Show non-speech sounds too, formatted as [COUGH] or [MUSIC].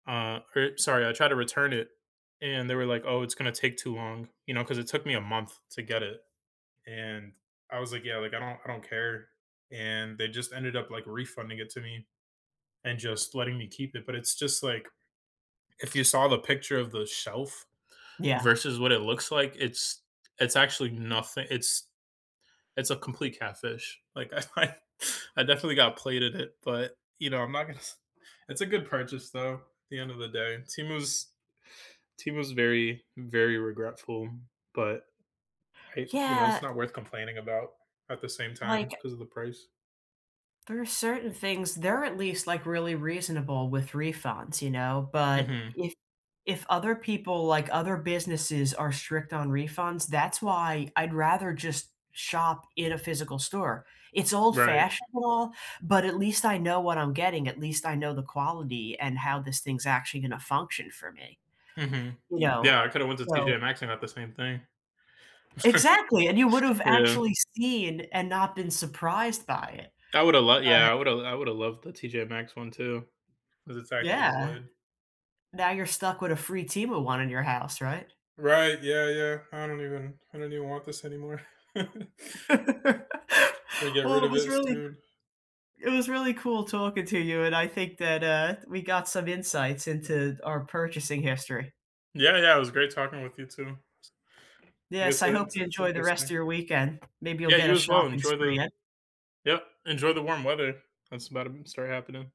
Uh, I sorry, I tried to return it and they were like, "Oh, it's gonna take too long," you know, 'cause it took me a month to get it, and I was like, "Yeah, like, I don't I don't care," and they just ended up, like, refunding it to me and just letting me keep it, but it's just like, if you saw the picture of the shelf Yeah. versus what it looks like, it's it's actually nothi it's it's a complete catfish. Like, I I I definitely got played at it, but, you know, I'm not gonna [CHUCKLES] it's a good purchase, though, at the end of the day. Temu's Temu's very, very regretful, but I you know, it's Yeah not worth complaining about at the same time Like 'cause of the price. there are certain things they're at least, like, really reasonable with refunds, you know? But Mhm. if if other people, like, other businesses are strict on refunds, that's why I'd rather just shop in a physical store, it's old Right. fashionable but at least I know what I'm getting. At least I know the quality and how this thing's actually gonna function for me, Mhm. you know? Yeah. I coulda went to So TJ Maxx and got the same thing. Exactly! And you [CHUCKLES] would've Yeah. actually seen and not been surprised by it. I woulda l But yeah, I woulda I would've loved the TJ Maxx one too, 'cause it's actually Yeah. wood. Now you're stuck with a free Temu one in your house, right? Right, yeah, yeah. I don't even I don't even want this anymore. [CHUCKLES] [LAUGHS] Gonna get Well, rid it of was it really soon. it was really cool talking to you, and I think that, uh, d we got some insights into our purchasing history. Yeah, yeah. It was great talking with you, too. I Yes, guess I hope it's you it's enjoy the rest interesting. of your weekend. Maybe you'll Yeah, get you a as well. shopping Enjoy spree the in. yep. Enjoy the warm weather that's about to b start happening.